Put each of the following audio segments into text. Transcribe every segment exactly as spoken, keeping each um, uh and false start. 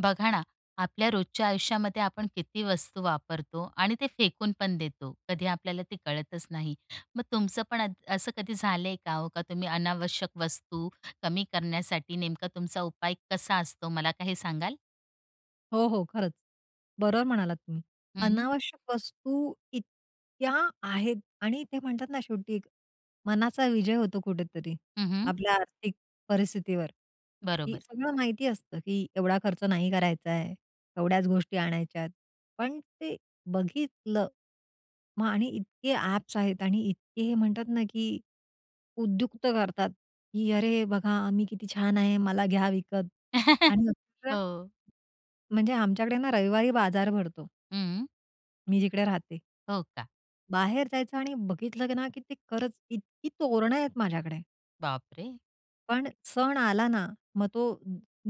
बघा ना, आपल्या रोजच्या आयुष्यामध्ये आपण किती वस्तू वापरतो आणि ते फेकून पण देतो. कधी आपल्याला ते कळतच नाही. मग तुमचं पण अ, असं कधी झालंय का हो का तुम्ही अनावश्यक वस्तू कमी करण्यासाठी नेमका तुमचा उपाय कसा असतो मला काही सांगाल? हो, हो, खरंच. बरोबर म्हणालात तुम्ही. हं. अनावश्यक वस्तू इतक्या आहेत आणि ते म्हणतात ना शेवटी मनाचा विजय होतो कुठेतरी हं, हं. आपल्या आर्थिक परिस्थितीवर, की बरोबर. सगळं माहिती असतं की एवढा खर्च नाही करायचा आहे. एवढ्याच गोष्टी आणायच्यात, पण ते बघितलं, मग आणि इतके ॲप्स आहेत आणि इतके हे म्हणतात ना, की उद्युक्त करतात, की "अरे, बघा, मी किती छान आहे, मला घ्या विकत." आणि खूप वेळा हो. म्हणजे, आमच्याकडे ना रविवारी बाजार भरतो हं. मी जिकडे राहते. हो, का? बाहेर जायचं आणि बघितलं ना, की ते खरंच इतकी तोरणं आहेत माझ्याकडे बाप रे! पण सण आला ना, मग तो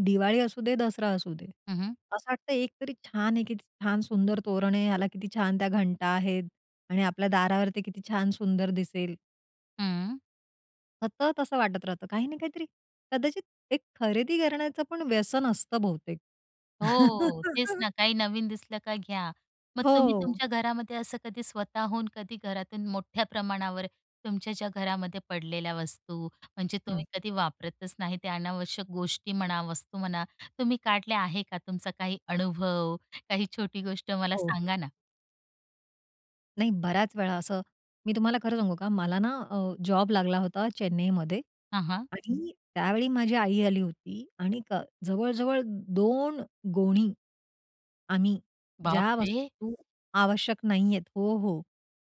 दिवाळी असू दे, दसरा असू दे. हं, हं. असं वाटतं एक तरी छान [unintelligible] आहे. किती छान सुंदर तोरण आहे याला किती छान त्या घंटा आहेत आणि आपल्या दारावर ते किती छान सुंदर दिसेल. हं. सतत, तसं वाटत राहतं, काही ना काहीतरी, कदाचित एक खरेदी करण्याचं पण व्यसन असतं बहुतेक. हो, तेच ना, काही नवीन दिसलं का घ्या. मग तुम्ही हो. तुमच्या घरामध्ये असं कधी स्वतःहून, कधी घरातून मोठ्या प्रमाणावर, तुमच्या ज्या घरामध्ये पडलेल्या वस्तू, म्हणजे हं. तुम्ही कधी वापरतच नाही, ते अनावश्यक गोष्टी म्हणा, वस्तू म्हणा, तुम्ही काढल्या आहे का? तुमचा काही अनुभव, काही छोटी गोष्ट मला हो. सांगा ना? नाही, बऱ्याच वेळा असं मी तुम्हाला खरं सांगू का? मला ना अ, जॉब लागला होता चेन्नईमध्ये हां, हां. आणि त्यावेळी माझी आई आली होती आणिक जवळ-जवळ दोन गोणी आम्ही बाप ज्या रे! वस्तू आवश्यक नाहीयेत. हो, हो,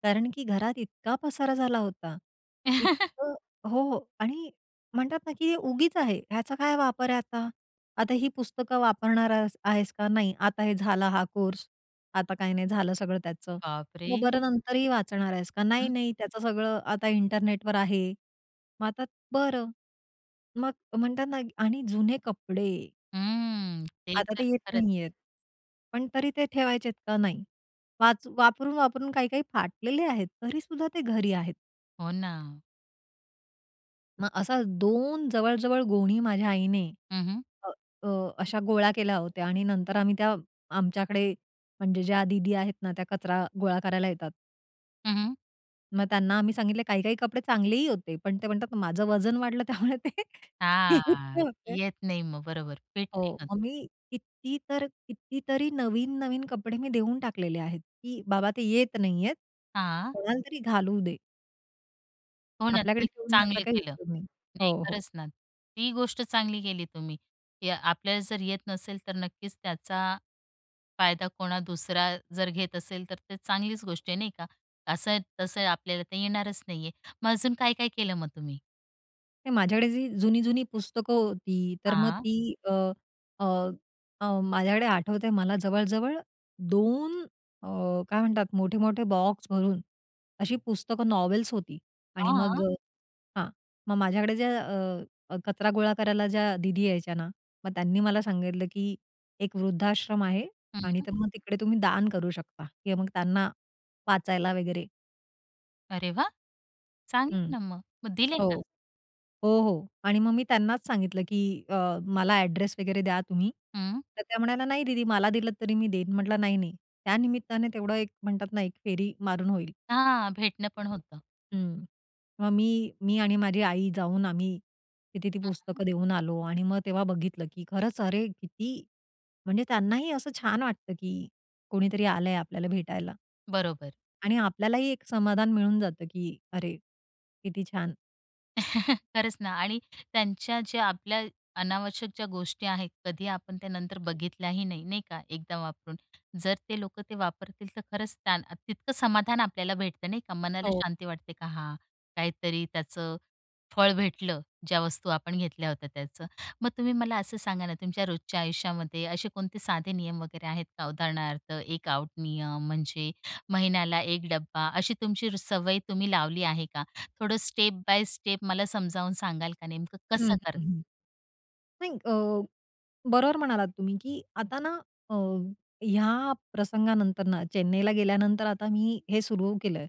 कारण की घरात इतका पसारा झाला होता, इतकं हो, हो. आणि म्हणतात ना की उगीच आहे, ह्याचा काय वापर आहे आता? आता ही पुस्तकं वापरणार आहेस आहेस का नाही? आता हे झाला हा कोर्स, आता काही नाही झालं, सगळं त्याचं. बाप रे! मग बरं, नंतरही वाचणार आहेस का नाही? हं. नाही-नाही, त्याचं सगळं आता इंटरनेटवर आहे. मग आता बरं, मग म्हणतात ना, आणि जुने कपडे हं ते आता तर ते येत खरंच. नाहीयेत पण तरी ते ठेवायचेत का नाही? वाच वापरून-वापरून काही, काही फाटलेले आहेत तरीसुद्धा ते घरी आहेत. हो ना. मग असा दोन जवळ-जवळ गोणी माझ्या आईने हं, हं. अ, अ, अशा गोळा केल्या होत्या आणि नंतर आम्ही त्या आमच्याकडे म्हणजे ज्या दीदी आहेत ना, त्या कचरा गोळा करायला येतात हं, हं. मग त्यांना आम्ही सांगितलं काही-काही कपडे चांगलेही होते, पण ते म्हणतात, "माझं वजन वाढलं." त्यामुळे ते [unintelligible] हां, होते. येत नाही मग, बरोबर, फिट नाही हो, होत. मग मी किती तर कितीतरी नवीन-नवीन कपडे मी देऊन टाकलेले आहेत, की बाबा ते येत नाहीयेत, हां. कोणालातरी घालू दे. हो ना, ते आपल्याकडे एक ठेवून त्याचा चांगलं काही केलं. उपयोग नाही. नाही, हो, हो. खरंच ना, ती गोष्ट चांगली केली तुम्ही, की आपल्याला जर येत नसेल तर नक्कीच त्याचा फायदा कोणा दुसरा जर घेत असेल तर ते चांगलीच गोष्ट आहे नाही का? असं-तसं आपल्याला तर येणारच नाहीये. मग अजून काय-काय केलं मग तुम्ही? नाही, माझ्याकडे जी जुनी-जुनी पुस्तकं होती, तर मग हां. ती अ, अ, अ, माझ्याकडे आठवते मला जवळ-जवळ दोन अ, काय म्हणतात मोठे-मोठे बॉक्स भरून अशी पुस्तकं नॉवेल्स होती आणि मग हां. अ, हां, मग माझ्याकडे ज्या अ, कचरा गोळा करायला ज्या दिदी यायच्या ना, मग त्यांनी मला सांगितलं, की एक वृद्धाश्रम आहे आणि हं. तर मग तिकडे तुम्ही दान करू शकता किंवा मग त्यांना वाचायला वगैरे अरे वा! चांगलं हं. ना मग, मग दिले हो. का? हो, हो आणि मग मी त्यांनाच सांगितलं, की अ, मला एड्रेस वगैरे द्या तुम्ही. हं. तर त्या म्हणाल्या, "नाही दीदी मला दिलत तरी मी देईन." म्हटलं, "नाही, नाही." त्या निमित्ताने तेवढं एक म्हणतात ना एक फेरी मारून होईल. हां भेटणं पण होतं. हं, मग मी, मी आणि माझी आई जाऊन आम्ही तिथे ती [unintelligible] पुस्तकं देऊन आलो आणि मग तेव्हा बघितलं, की खरंच अरे किती! म्हणजे त्यांनाही असं छान वाटतं, की कोणीतरी आलंय आपल्याला भेटायला. बरोबर. आणि आपल्यालाही एक समाधान मिळून जातं, की अरे, किती छान! खरंच ना, आणि त्यांच्या ज्या आपल्या अनावश्यक ज्या गोष्टी आहेत, कधी आपण त्या नंतर बघितल्याही नाही. नाही का? एकदा वापरून जर ते लोक ते वापरतील, तर खरंच त्या तितकं समाधान आपल्याला भेटतं नाही का? मनाला हो. शांती वाटते का, हां, काहीतरी त्याचं फळ भेटलं. ज्या वस्तू आपण घेतल्या होत्या त्याचं, मग तुम्ही मला असं सांगा ना, तुमच्या रोजच्या आयुष्यामध्ये असे कोणते साधे नियम वगैरे आहेत का? उदाहरणार्थ एक आउट नियम म्हणजे महिन्याला एक डब्बा अशी तुमची सवय तुम्ही लावली आहे का? थोडं स्टेप बाय स्टेप मला समजावून सांगाल का, नेमकं हं, कसं करतात? नाही, अ, बरोबर म्हणालात तुम्ही, की आता ना अ, या प्रसंगानंतर ना चेन्नईला गेल्यानंतर आता मी हे सुरू केलंय.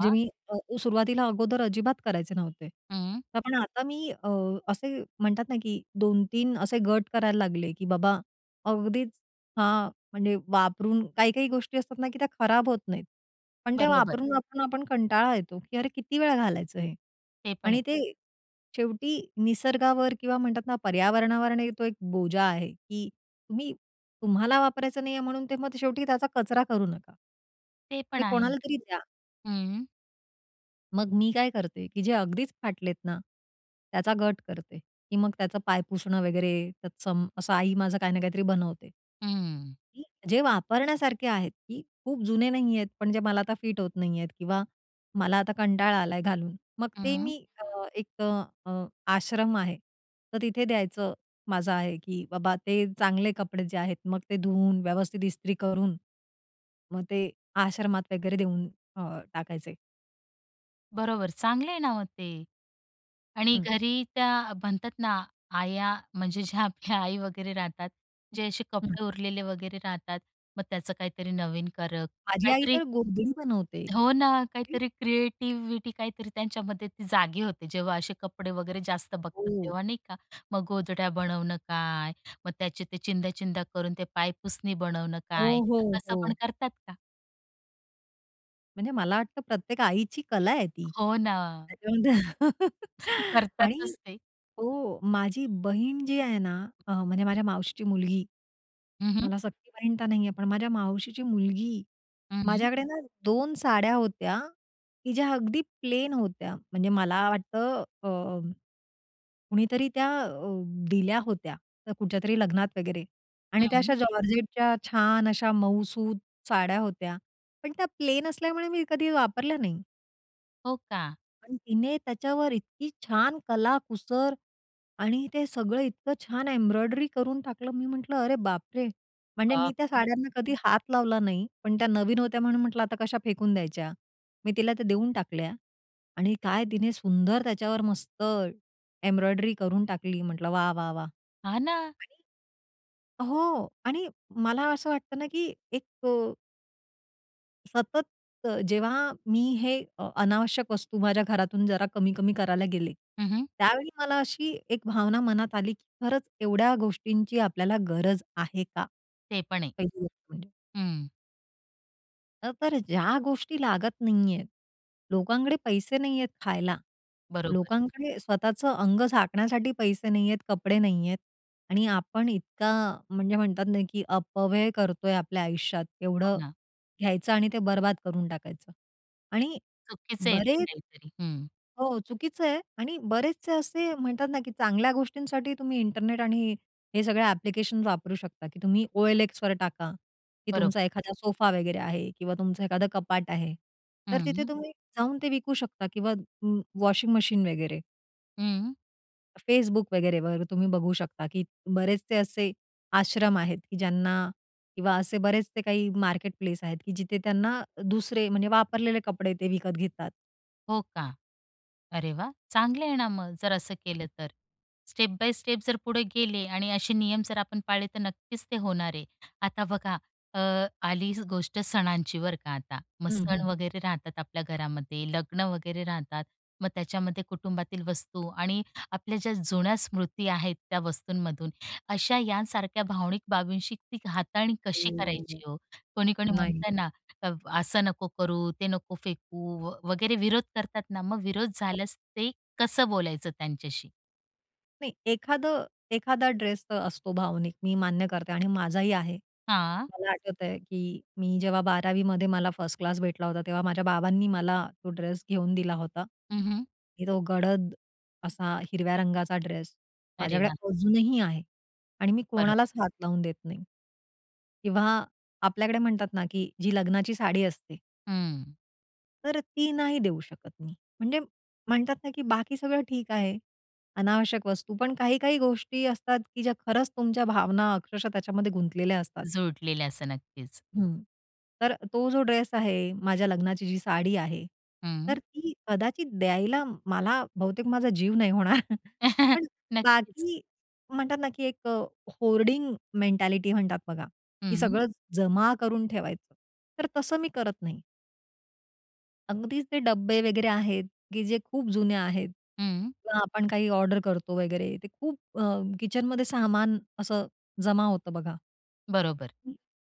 जे मी अ, सुरुवातीला अगोदर अजिबात करायचे नव्हते, हं. पण आता मी अ, असे म्हणतात ना, की दोन, तीन असे गट करायला लागले की बाबा, अगदीच, हां, म्हणजे वापरून काही-काही गोष्टी असतात ना, की त्या खराब होत नाहीत. पण त्या बरोबर. वापरून-वापरून आपण कंटाळा येतो, की अरे किती वेळा घालायचं हे? ते पण आहे. आणि ते शेवटी निसर्गावर, किंवा म्हणतात ना पर्यावरणावर आणि तो एक बोजा आहे, की तुम्ही तुम्हाला वापरायचं नाहीये म्हणून, ते मग शेवटी त्याचा कचरा करू नका. ते ते पण आहे. कोणाला तरी द्या. हम्म. मग मी काय करते, की जे अगदीच फाटलेत ना, त्याचा गट करते. की मग त्याचं पाय पुसणं, वगैरे तत्सं असं आई माझं काही ना काहीतरी बनवते. हं. की जे वापरण्यासारखे आहेत, की खूप जुने नाही आहेत, पण जे मला आता फिट होत नाही आहेत किंवा मला आता कंटाळा आलाय घालून. मग ते हं. मी अ, एक अ, अ आश्रम आहे, तर तिथे द्यायचं माझं आहे की बाबा ते चांगले कपडे जे आहेत. मग ते धुवून, व्यवस्थित इस्त्री करून, मग ते आश्रमात वगैरे देऊन अ, टाकायचे. बरोबर चांगले आहे ना, मग ते आणि हं. घरी त्या म्हणतात ना, आया म्हणजे ज्या आपल्या आई वगैरे राहतात. जे असे हं. कपडे उरलेले वगैरे राहतात. मग त्याच काहीतरी नवीन करत माझी आई काहीतरी तर गोधडी बनवते. हो ना, काहीतरी क्रिएटिव्हीटी काहीतरी त्यांच्यामध्ये ती जागी होते. जेव्हा असे कपडे वगैरे जास्त बघतात, हो. तेव्हा नाही का? मग गोधड्या बनवण काय, मग त्यांचे ते चिंध्या-चिंध्या करून ते पायपुसणी बनवण हो, काय, हो, तस पण हो. करतात का? म्हणजे मला वाटतं, प्रत्येक आईची कला आहे ती. हो ना. त्याच्यामध्ये आणि करतातच ते. हो, माझी बहीण जी आहे ना, अ, म्हणजे माझ्या मावशीची मुलगी, हं, हं. मला सख्खी बहीण तर नाही आहे, पण माझ्या मावशीची मुलगी. हं. माझ्याकडे ना दोन साड्या होत्या, की ज्या अगदी प्लेन होत्या. म्हणजे मला वाटतं अ, कुणीतरी त्या अ, दिल्या होत्या, त्या कुठच्यातरी लग्नात वगैरे आणि त्या अशा हं. जॉर्जेटच्या छान अशा मउसुत साड्या होत्या, पण त्या प्लेन असल्यामुळे मी कधी वापरल्या नाही. हो का? आणि तिने त्याच्यावर इतकी छान कला-कुसर, आणि ते सगळं इतकं छान एम्ब्रॉयडरी करून टाकलं. मी म्हटलं, "अरे बापरे!" म्हणजे मी बाप त्या रे! साड्याना कधी हात लावला नाही. पण त्या नवीन होत्या म्हणून म्हटलं, "आता कश्या फेकून द्यायच्या." मी तिला त्या देऊन टाकल्या आणि काय तिने सुंदर त्याच्यावर मस्त, एम्ब्रॉयडरी करून टाकली. म्हटलं "वाह! वाह! वाह!" हा, ना. आणि हो, आणि मला असं वाटतं ना की एक सतत, जेव्हा मी हे अ अनावश्यक वस्तू माझ्या घरातून जरा कमी-कमी करायला गेले. हं, हं. त्यावेळी मला अशी एक भावना मनात आली, की खरंच एवढ्या गोष्टींची आपल्याला गरज आहे का? ते पण आहे. पहिली गोष्ट म्हणजे. हं. अ, बरं ज्या गोष्टी लागत नाहीयेत, लोकांकडे पैसे नाहीयेत खायला, बरोबर. लोकांकडे स्वतःचं अंग झाकण्यासाठी पैसे नाहीयेत, कपडे नाहीयेत आणि आपण इतका म्हणजे म्हणतात ना, की अपव्यय करतोय आपल्या आयुष्यात. हो एवढं ना. घ्यायचं, आणि ते बरबाद करून टाकायचं आणि चुकीचं आहे ते बरेच काहीतरी. हं. हो चुकीचं आहे आणि बरेचसे असे म्हणतात ना की चांगल्या गोष्टींसाठी तुम्ही इंटरनेट आणि, हे सगळे ॲप्लिकेशन्स वापरू शकता; की तुम्ही OLXवर टाका, की तुमचा बरोबर. एखादा सोफा वगैरे आहे किंवा तुमचं एखादं कपाट आहे. तर तिथे हम्म. तुम्ही जाऊन ते विकू शकता किंवा व वॉशिंग मशीन वगैरे. हं. Facebook वगैरे वर तुम्ही बघू शकता की बरेचसे असे आश्रम आहेत, की ज्यांना किंवा असे बरेचसे काही मार्केट प्लेस आहेत की जिथे त्यांना दुसरे, म्हणजे वापरलेले कपडे ते विकत घेतात. हो का? अरे वाह! चांगलं आहे ना मग, जर असं केलं तर. स्टेप-बाय-स्टेप जर पुढे गेले आणि असे नियम जर आपण पाळले, तर नक्कीच ते होणार आहे. आता बघा, अ, आलीच गोष्ट सणांची बरं का आता, मग हम्म, सण हम्म. वगैरे राहतात आपल्या घरामध्ये, लग्न वगैरे राहतात, मग त्याच्यामध्ये कुटुंबातील वस्तू, आणि आपल्या ज्या जुन्या स्मृती आहेत त्या वस्तूंमधून, अशा यांसारख्या भावनिक बाबींशी ती हाताळणी कशी हो, हो. करायची हो? कोणी-कोणी नाही. म्हणत ना अ, "असं नको करू, ते नको फेकू" व वगैरे विरोध करतात ना, मग विरोध हो. झाल्यास ते, कसं बोलायचं त्यांच्याशी? नाही, एखादं एखादा ड्रेस असतो भावनिक, मी मान्य करते आणि माझाही आहे. हां. मला आठवतंय, की मी जेव्हा बारावीमध्ये मला फर्स्ट क्लास भेटला होता, तेव्हा माझ्या बाबांनी मला तो ड्रेस घेऊन दिला होता, हं, हं. की तो गडद असा हिरव्या रंगाचा ड्रेस अरे माझ्याकडे वाह! अजूनही आहे आणि मी बरोबर. कोणालाच हात लावून देत नाही किंवा आपल्याकडे म्हणतात ना, की जी लग्नाची साडी असते हं. तर ती नाही देऊ शकत मी. म्हणजे म्हणतात ना, की बाकी सगळं ठीक आहे अनावश्यक वस्तू. पण काही-काही गोष्टी असतात, की ज्या खरंच तुमच्या भावना अक्षरशः त्याच्यामध्ये गुंतलेल्या असतात. जोडलेलं, असं नक्कीच. हं, तर तो जो ड्रेस आहे, माझ्या लग्नाची जी साडी आहे, हं. तर ती कदाचित द्यायला मला, बहुतेक माझा जीव नाही होणार, पण नक्कीच. बाकी म्हणतात ना, की एक होर्डिंग मेंटॅलिटी म्हणतात बघा, की हं. सगळं जमा करून ठेवायचं, तर तसं मी करत नाही. अगदीच ते डब्बे वगैरे आहेत, की जे खूप जुने आहेत हं. किंवा आपण काही ऑडर करतो वगैरे, ते खूप अ, किचनमध्ये सामान असं जमा होतं बघा. बरोबर.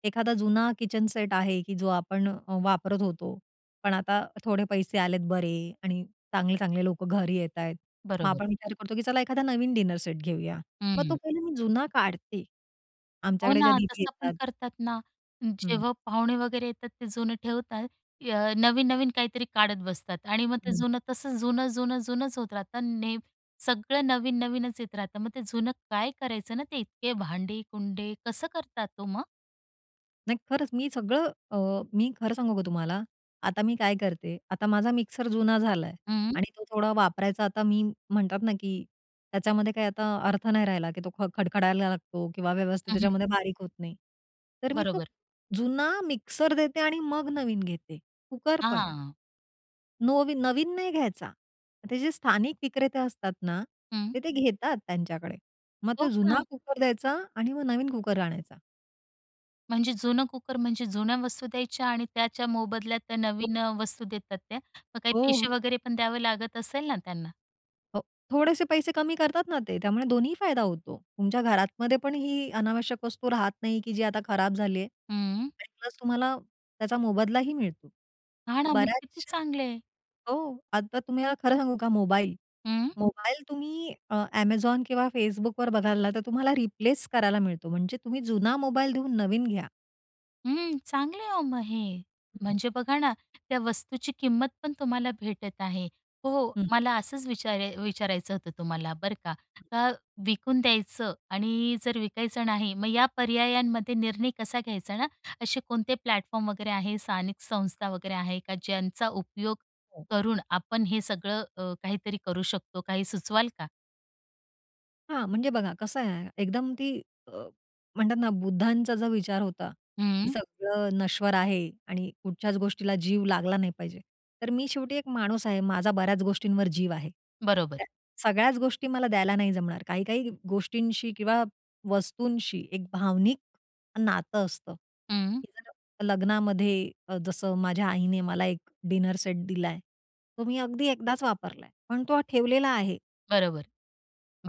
एखादा जुना किचन सेट आहे, की जो आपण वापरत होतो; पण आता थोडे पैसे आलेत बरे आणि चांगले-चांगले लोकं घरी येतायत. मग बरोबर. आपण विचार करतो, की चला एखादा नवीन डिनर सेट घेऊया, मग तो हम्म. पहिले मी जुना काढते. हो आमच्याकडे ज्या ना, दीदी तसं पण येतात करतात ना, हम्म. जेव्हा पाहुणे वगैरे येतात ते जुनं ठेवतात. अ, नवीन-नवीन काहीतरी काढत बसतात आणि मग ते हं. जुनं तसं जुनं-जुनं-जुनंच होत राहतं ने सगळं नवीन-नवीनच येत राहतं, मग ते जुनं काय करायचं ना ते इतके भांडी-कुंडे? कसं करतात ओ मग? नाही खरंच! मी सगळं अ, मी खरं सांगू का तुम्हाला आता मी काय करते. आता माझा मिक्सर जुना झालाय हं. आणि तो थोडा वापरायचा आता मी म्हणतात ना, की त्याच्यामध्ये काही आता अर्थ नाही राहिला, की तो ख खडखडायला लागतो किंवा व्यवस्थित हम्म, हं. त्याच्यामध्ये बारीक होत नाही, तर मी तो बरोबर. जुना मिक्सर देते, आणि मग नवीन घेते. कुकर पण. हां. नोवीन नवीन नाही घ्यायचा, ते जे स्थानिक विक्रेते असतात ना, हं. तर ते घेतात त्यांच्याकडे. मग हो ते का? जुना कुकर द्यायचा आणि मग नवीन कुकर आणायचा. म्हणजे जुनं कुकर, म्हणजे जुन्या वस्तू द्यायच्या आणि त्याच्या मोबदल्यात नवीन अ, वस्तू देतात त्या. मग काही हो, पैसे हो. वगैरे पण द्यावं लागत असेल ना, त्यांना. हो. थोडेसे पैसे कमी करतात ना ते, त्यामुळे दोन्हीही फायदा होतो. तुमच्या घरातमध्ये पण ही अनावश्यक वस्तू राहत नाही, की जी आता खराब झाली आहे हं. आणि प्लस तुम्हाला त्याचा मोबदलाही मिळतो. हां ना. मग किती बऱ्याचश्या चांगलय. हो. आता तुम्ही याला खरं सांगू का मोबाईल, हं. मोबाईल तुम्ही अ, Amazon किंवा Facebookवर बघाल ना, तर तुम्हाला रिप्लेस करायला मिळतो. म्हणजे तुम्ही जुना मोबाईल देऊन नवीन घ्या. हं, चांगले आहे ओ मग हे, म्हणजे बघा ना त्या वस्तूची किंमत पण तुम्हाला भेटत आहे. हो, हं. मला असंच विचारे विचारायचं होतं तुम्हाला बरं का, अ, विकून द्यायचं आणि जर विकायचं नाही, मग या पर्यायांमध्ये निर्णय कसा घ्यायचा ना, असे कोणते प्लॅटफॉर्म वगैरे आहे, स्थानिक संस्था वगैरे आहे का? ज्यांचा उपयोग हो. करून, आपण हे सगळं अ, काहीतरी करू शकतो. काही सुचवाल का? हां. म्हणजे बघा कसं आहे, एकदम ती, अ, म्हणतात ना बुद्धांचा जर विचार होता, की हं. सगळं नश्वर आहे आणि कुठच्याच गोष्टीला जीव लागला नाही पाहिजे. तर मी शेवटी एक माणूस आहे, माझा बऱ्याच गोष्टींवर जीव आहे. बरोबर. त्या, सगळ्याच गोष्टी मला द्यायला नाही जमणार, काही-काही गोष्टींशी किंवा वस्तूंशी एक भावनिक नातं असतं, हं. की जर लग्नामध्ये अ, जसं माझ्या आईने मला एक डिनर सेट दिलाय, तो मी अगदी एकदाच वापरलाय. पण तो ठेवलेला आहे. बरोबर,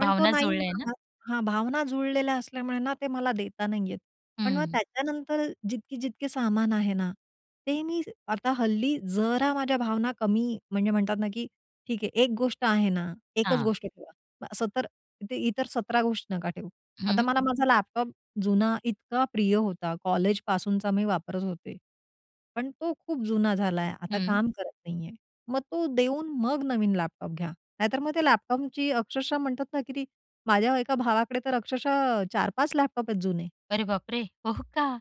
पण तो नाही जुळल्याय ना? म्हणाला, हां, भावना जुळलेल्या असल्यामुळे ना, ते मला देता नाही येत. पण मग हं. त्याच्यानंतर जितकी-जितकी सामान आहे ना, ते मी आता हल्ली जरा माझ्या भावना कमी म्हणजे म्हणतात ना, की ठीक आहे एक गोष्ट आहे ना, एकच हां. गोष्ट ठेवा. असं तर, ते इतर सतरा गोष्ट नका ठेवू. हं, आता हं. मला माझा लॅपटॉप जुना इतका प्रिय होता कॉलेजपासूनचा मी वापरत होते, पण तो खूप जुना झालाय आता हं. काम करत नाही आहे. मग तो देऊन मग नवीन लॅपटॉप घ्या, नाहीतर मग त्या लॅपटॉपची अक्षरशः म्हणतात ना, की ती माझ्या एका भावाकडे तर अक्षरशः चार पाच लॅपटॉप आहेत जुने. अरे बाप रे! हो का?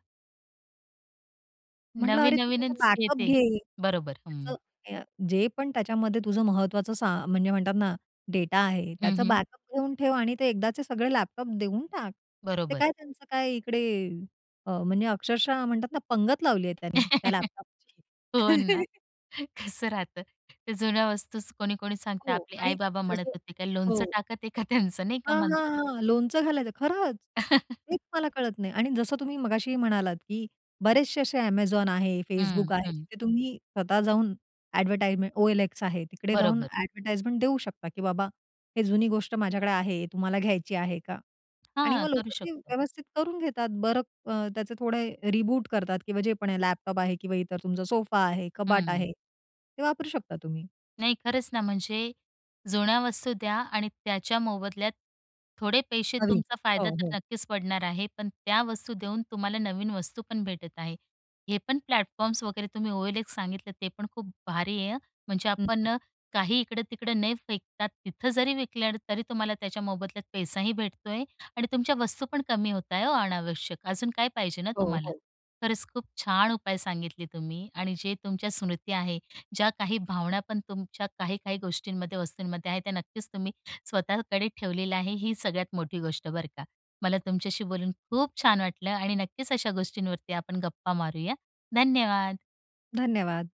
म्हटलं अरे, तू त्याचा नवीन-नवीनच बॅकअप येते. घे. बरोबर. हं. त्याचं अ, जे पण त्याच्यामध्ये तुझं महत्त्वाचं सा म्हणजे म्हणतात ना डेटा आहे, हं, त्याचं हं. बॅकअप घेऊन ठेव आणि ते एकदाचे सगळे लॅपटॉप देऊन टाक. ते बरोबर. काय त्यांचं काय इकडे अ, म्हणजे अक्षरशः म्हणतात ना, पंगत लावली आहे त्यानी त्या हो लॅपटॉपची. ना, कसं राहतं? त्या जुन्या वस्तूच कोणी-कोणी सांगत, हो. आपले आणि आई-बाबा म्हणत जसं होते का, लोणचं हो. टाकत आहे का, त्यांच नाही का हां, म्हणतात? हां, हां. लोणचं घालायचं खरंच. तेच मला कळत नाही आणि जसं तुम्ही मगाशी म्हणालात, की बरेचसे असे Amazon आहे, हं, Facebook आहे, हं. जिथे तुम्ही स्वतः जाऊन ॲडव्हर्टाइमें, OLX आहे. तिकडे जाऊन बरोबर. ॲडवटाईजमेंट देऊ शकता, की बाबा हे जुनी गोष्ट माझ्याकडे आहे, तुम्हाला घ्यायची आहे का? आणि हां. मग करू लोकं ते शकतो. व्यवस्थित करून घेतात. बरं अ, त्याचे थोडे रीबूट करतात किंवा जे पण आहे लॅपटॉप आहे किंवा इतर तुमचा सोफा आहे कबाट हं. आहे, ते वापरू शकता तुम्ही. नाही खरंच ना, म्हणजे, जुन्या वस्तू द्या आणि त्याच्या मोबदल्यात, थोडे पैसे नवीन. तुमचा फायदा हो, तर हो. नक्कीच पडणार आहे. पण त्या वस्तू देऊन तुम्हाला नवीन वस्तू पण भेटत आहे. हे पण प्लॅटफॉर्म्स वगैरे, तुम्ही OLX सांगितले, ते पण खूप भारी आहे, हं. म्हणजे हं, आपण हं. काही इकडं-तिकडं नाही फेकतात, तिथं जरी विकल्या ना, तरी तुम्हाला त्याच्या मोबदल्यात पैसाही भेटतो आहे आणि तुमच्या वस्तू पण कमी होत आहे ओ अनावश्यक, अजून काय पाहिजे ना हो, तुम्हाला. हो. खरंच, खूप छान उपाय सांगितले तुम्ही आणि जे तुमच्या स्मृती आहे. ज्या काही भावना, पण तुमच्या काही, काही गोष्टींमध्ये वस्तूंमध्ये आहे. त्या नक्कीच तुम्ही स्वतःकडे ठेवलेल्या आहे. ही सगळ्यात मोठी गोष्ट बरं का. मला तुमच्याशी बोलून खूप छान वाटलं आणि नक्कीच अशा गोष्टींवरती आपण गप्पा मारूया, धन्यवाद! धन्यवाद.